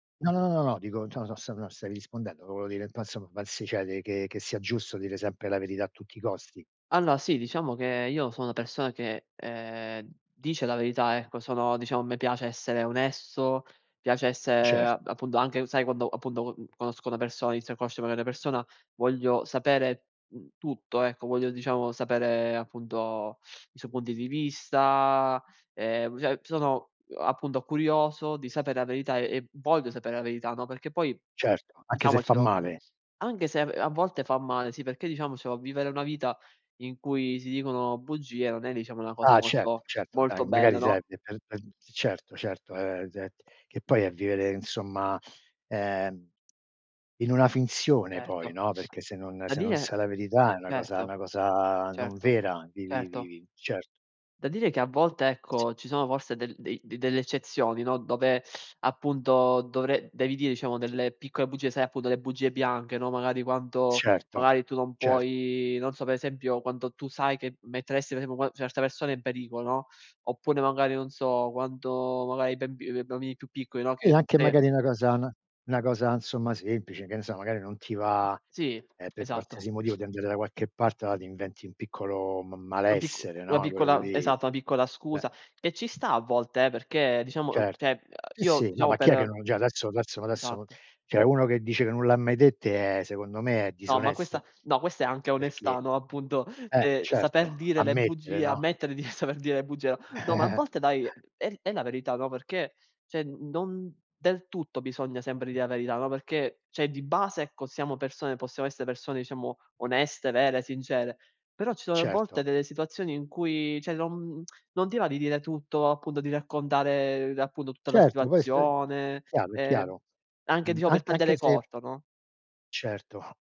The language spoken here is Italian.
No, no, no, no, no, no, dico, cioè non so se non stai rispondendo, volevo dire, [unintelligible] che che sia giusto dire sempre la verità a tutti i costi? Allora sì, diciamo che io sono una persona che, ehm, dice la verità, ecco, sono diciamo a me piace essere onesto, piace essere Cer a appunto anche, sai quando appunto co conosco una persona, inizio a conoscere magari una persona, voglio sapere, mhmm, tutto, ecco, voglio diciamo sapere appunto i suoi punti di vista, ehm, cioè sono, uhm, appunto curioso di sapere la verità e v voglio sapere la verità, no, perché poi Certo, anche se fa diciamocelo, male. anche se a v a volte fa male, sì perché diciamocelo vivere una vita in cui si dicono bugie non è diciamo una cosa Ah certo, molto certo, molto anda bella, magari no? [unintelligible] certo, certo [unintelligible] che poi è vivere insomma, ehm, in una finzione poi, Certo, no, perché se non da se non dire, sai la verità è una cosa certo, una cosa non certo, vera di di di certo. di certo. Da dire che a volte Sì. ecco ci sono forse del dei de delle eccezioni, no, dove appunto dovre devi dire diciamo delle piccole bugie, sai appunto le bugie bianche, no, magari quanto Certo, magari tu non cer puoi, non so per esempio, quando tu sai che metteresti per esempio qua certe persone in pericolo, no, oppure magari non so quando magari i bemb ehm, i bambini più piccoli, no, che E anche sai che magari una cosa n una cosa insomma semplice, che ne so magari non ti va, Sì ehm, per esatto. qualsiasi motivo di andare da qualche parte ma ti inventi un piccolo m Un picc malessere, una no, quello piccola s lì, esatto, una piccola eh. scusa e ci sta a volte eh, perché diciamo, Cer cioè sì, io sì, no, diciamo ma chi è che per non già adesso adesso adesso Esatto. cioè uno che dice che non l'ha mai dette è secondo me è No, ma questa disonesto no, questa è anche onestà, perché no, appunto, eh cioè saper certo dire le ammettere, bugie, no? ammettere di saper dire le bugie, no no ma a volte dai, è è è la verità, no, perché cioè n non del tutto bisogna sempre dire la verità, no, perché c'è di base, ecco, siamo persone possiamo essere persone diciamo oneste, vere, sincere, però ci sono a volte Certo. delle situazioni in cui, cioè, non non ti va di dire tutto, appunto, di raccontare appunto tutta la Certo, poi sp situazione, chiaro è ehm, chiaro. anche Mhmm, diciamo per an anche tagliare se corto no? Certo.